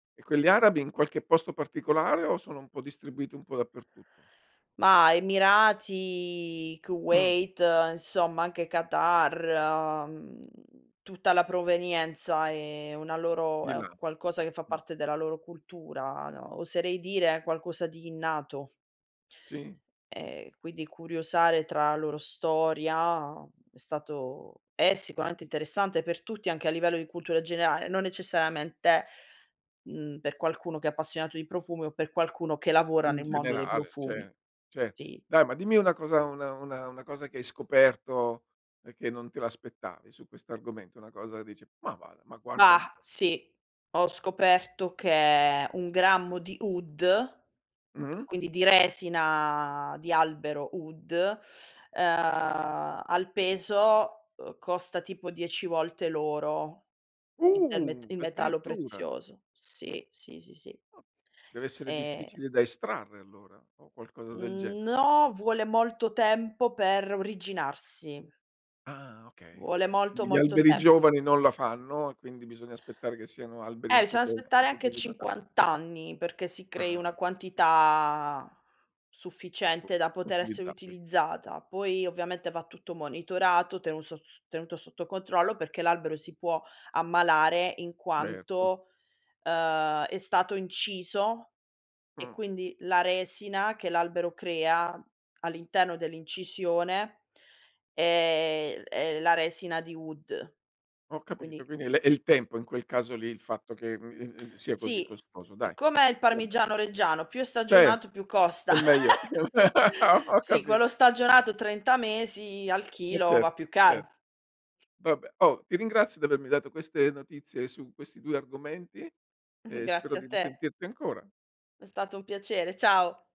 E quelli arabi in qualche posto particolare o sono un po' distribuiti un po' dappertutto? Ma Emirati, Ah. Kuwait, insomma anche Qatar, mhmm, tutta la provenienza è una loro Di è là, qualcosa che fa mh. parte della loro cultura no, oserei dire qualcosa di innato. Sì. Ehm, quindi curiosare tra la loro storia è stato è sicuramente interessante per tutti, anche a livello di cultura generale, non necessariamente, mhmm, per qualcuno che è appassionato di profumi o per qualcuno che lavora In nel mondo dei generale, profumi, cioè cioè sì. dai, ma dimmi una cosa una una una cosa che hai scoperto e che non te l'aspettavi su questo argomento, una cosa dice: "Ma va da ma guarda Ma, un po'." sì. Ho scoperto che 1 grammo di oud, Mh. quindi di resina di albero oud, ehm, al peso, ehm, costa tipo 10 volte l'oro, il del met Uh, il metallo addirittura. prezioso. Sì. Sì, sì, sì. Ah, deve essere E difficile da estrarre allora o qualcosa del gene Mhmm, no, vuole molto tempo per originarsi. Ah okay. Vuole molto, Mh, gli molto alberi tem giovani non la fanno e quindi bisogna aspettare che siano alberi Eh, un c'è da poche un aspettare anche pochino datati. 50 anni perché si crei una Ah, okay. quantità Boh, sufficiente da poter essere utilizzabile. utilizzata. Poi ovviamente va tutto monitorato, tenuto sot tenuto sotto controllo perché l'albero si può ammalare in Certo. quanto, ehm, è stato inciso e Mh. quindi la resina che l'albero crea all'interno dell'incisione è è la resina di oud. Ho capito Quindi quindi è le è il tempo in quel caso lì, il fatto che, mhmm, ehm, ehm, sia così Sì. costoso Ehm, dai. come il Vabbè. parmigiano reggiano, più è Cioè, stagionato più costa. e meglio. Ho ho Sì, quello capito. stagionato 30 mesi, al E chilo va certo, più cer caro. Vabbè, oh, ti ringrazio di avermi dato queste notizie su questi 2 argomenti e spero Grazie a di te. risentirti ancora. È stato un piacere, ciao.